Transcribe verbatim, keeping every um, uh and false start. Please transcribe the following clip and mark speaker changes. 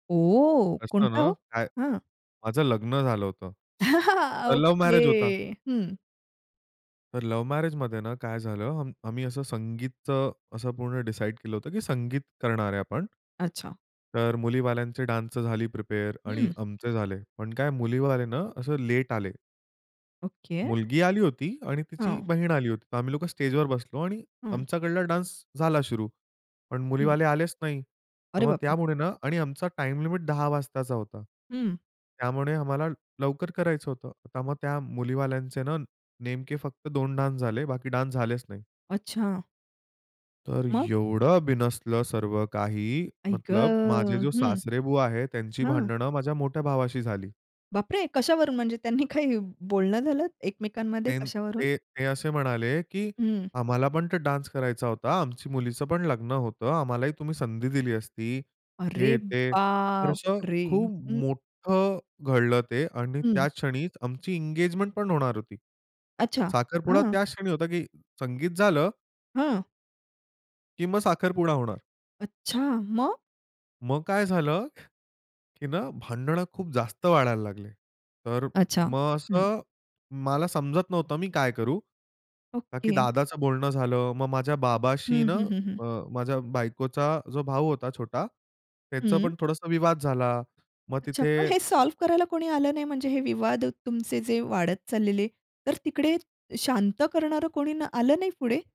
Speaker 1: ओ!
Speaker 2: असतं
Speaker 1: कोणता
Speaker 2: ना,
Speaker 1: हो?
Speaker 2: काय
Speaker 1: हं.
Speaker 2: माझं लग्न झालं होतं, तर लव्ह
Speaker 1: ओके.
Speaker 2: मॅरेज होता.
Speaker 1: हं.
Speaker 2: तर लव्ह मॅरेजमध्ये ना काय झालं, आम आम्ही असं संगीतचं असं पूर्ण डिसाईड केलं होतं की संगीत करणार आहे आपण.
Speaker 1: अच्छा.
Speaker 2: तर मुलीवाल्यांचे डान्स झाली प्रिपेअर आणि
Speaker 1: हं.
Speaker 2: आमचे झाले. पण काय मुलीवाले ना असं लेट आले.
Speaker 1: ओके.
Speaker 2: मुलगी आली होती आणि तिची
Speaker 1: हां.
Speaker 2: बहीण आली होती. तर आम्ही लोकं स्टेजवर बसलो आणि
Speaker 1: हं.
Speaker 2: आमच्याकडला डान्स झाला सुरू. पण
Speaker 1: हं.
Speaker 2: मुलीवाले आलेच नाही. तर
Speaker 1: अरे
Speaker 2: मग
Speaker 1: बापरे!
Speaker 2: त्यामुळे ना आणि आमचा टाईम लिमिट दहा वाजताचा होता.
Speaker 1: हं.
Speaker 2: त्यामुळे आम्हाला लवकर करायचं होतं. तर मग त्या मुलीवाल्यांचे ना नेमके फक्त दोन डान्स झाले, बाकी डान्स झालेच नाही.
Speaker 1: अच्छा.
Speaker 2: तर
Speaker 1: मग?
Speaker 2: एवढं बिनसलं सर्व काही
Speaker 1: आई
Speaker 2: मतलब माझे
Speaker 1: गं!
Speaker 2: जे
Speaker 1: हं,
Speaker 2: सासरेबूवा आहेत, त्यांची
Speaker 1: हां.
Speaker 2: भांडणं माझ्या मोठ्या भावाशी झाली.
Speaker 1: बापरे! कशावरून? म्हणजे त्यांनी काही बोलणं झालं एकमेकांमध्ये,
Speaker 2: ते
Speaker 1: कशावरून?
Speaker 2: ते ते असे म्हणाले की
Speaker 1: हं.
Speaker 2: आम्हाला पण ते डान्स करायचा होता. आमची मुलीचं पण लग्न होतं. आम्हालाही तुम्ही संधी दिली असती.
Speaker 1: अरे
Speaker 2: हे ते. तर असं
Speaker 1: बापरे!
Speaker 2: खूप
Speaker 1: हं.
Speaker 2: मोठं घडलं ते आणि
Speaker 1: हं.
Speaker 2: त्या क्षणीच आमची एंगेजमेंट पण होणार होती.
Speaker 1: अच्छा,
Speaker 2: साखरपुडा
Speaker 1: हां.
Speaker 2: त्या क्षणी होता की संगीत झालं
Speaker 1: हां.
Speaker 2: की मग साखरपुडा होणार.
Speaker 1: अच्छा, मग?
Speaker 2: मग काय झालं की ना भांडणं खूप जास्त वाढायला लागले. तर
Speaker 1: अच्छा,
Speaker 2: मग
Speaker 1: हं.
Speaker 2: असं मला समजत नव्हतं, मी काय करू? का की
Speaker 1: ओके.
Speaker 2: दादाचं बोलणं झालं, मग माझ्या बाबाशी
Speaker 1: हं,
Speaker 2: न,
Speaker 1: हं, हं, हं.
Speaker 2: अ, माझ्या बायकोचा जो भाऊ होता छोटा, त्याचं
Speaker 1: हं.
Speaker 2: पण थोडसं विवाद झाला. मग
Speaker 1: अच्छा. पण हे
Speaker 2: तिथे
Speaker 1: सॉल्व्ह करायला कोणी आलं नाही? म्हणजे हे विवाद तुमचे जे वाढत चाललेले, तर तिकडे शांत करणारं कोणी न आलं नाही पुढे?